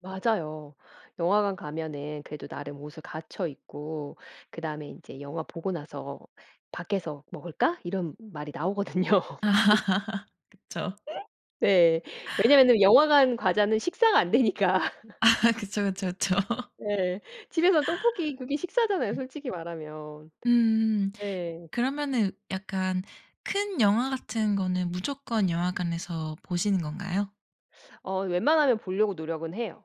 맞아요. 영화관 가면은 그래도 나름 옷을 갖춰 입고 그 다음에 인제 영화 보고 나서 "밖에서 먹을까?" 이런 말이 나오거든요. 그쵸. 네. 왜냐면은 영화관 과자는 식사가 안 되니까. 아, 그쵸 그쵸 그쵸. 네. 집에서 떡볶이 그게 식사잖아요 음. 솔직히 말하면. 음 네. 그러면은 약간 큰 영화 같은 거는 무조건 영화관에서 보시는 건가요? 어 웬만하면 볼려고 노력은 해요.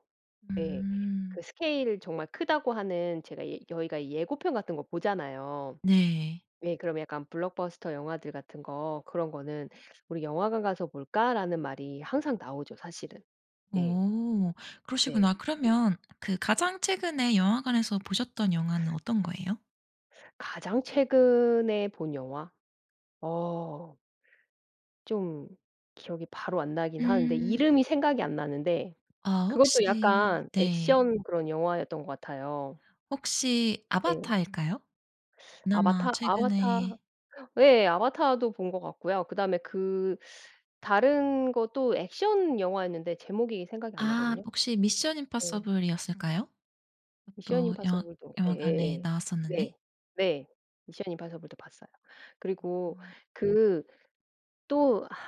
예 음. 그 스케일 정말 크다고 하는 제가 예 저희가 이 예고편 같은 거 보잖아요. 네. 예 그럼 약간 블록버스터 영화들 같은 거 그런 거는 "우리 영화관 가서 볼까?"라는 말이 항상 나오죠 사실은. 예. 어 네. 그러시구나. 그러면 그 가장 최근에 영화관에서 보셨던 영화는 어떤 거예요? 가장 최근에 본 영화? 어. 쫌 기억이 바로 안 나긴 하는데 음. 이름이 생각이 안 나는데 아 그것도 혹시 약간 네. 액션 그런 영화였던 것 같아요. 혹시 네. 아바타일까요? 그나마 아바타? 아바타 최근에 예 아바타도 본 것 같고요. 그 다음에 그 다른 것도 액션 영화였는데 제목이 생각이 안 아 나거든요. 혹시 미션 네. 임파서블이었을까요? 미션 그것도 영화 임파서블도 영화관에 예예예. 나왔었는데. 네 네 미션 임파서블도 봤어요. 그리고 아. 그 또 아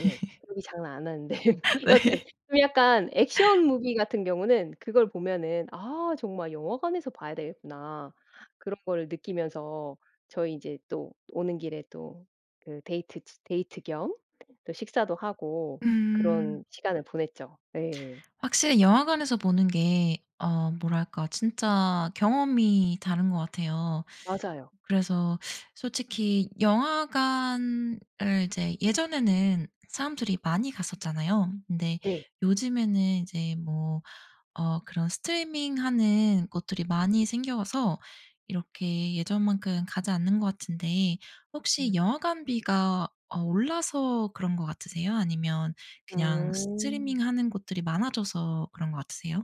예. [unintelligible] 장난 안 하는데. 여튼 네. 좀 약간 액션 무비 같은 경우는 그걸 보면은 '아 정말 영화관에서 봐야 되겠구나.' 그런 걸 느끼면서 저희 이제 또 오는 길에 또 그 데이트 치 데이트 겸 또 식사도 하고 그런 음. 시간을 보냈죠. 예. 확실히 영화관에서 보는 게 어 뭐랄까 진짜 경험이 다른 것 같아요. 맞아요. 그래서 솔직히 영화관을 이제 예전에는 사람들이 많이 갔었잖아요. 근데 네. 요즘에는 이제 뭐 어 그런 스트리밍 하는 곳들이 많이 생겨서 이렇게 예전만큼 가지 않는 것 같은데 혹시 음. 영화관비가 어 올라서 그런 것 같으세요? 아니면 그냥 스트리밍 음. 하는 곳들이 많아져서 그런 것 같으세요?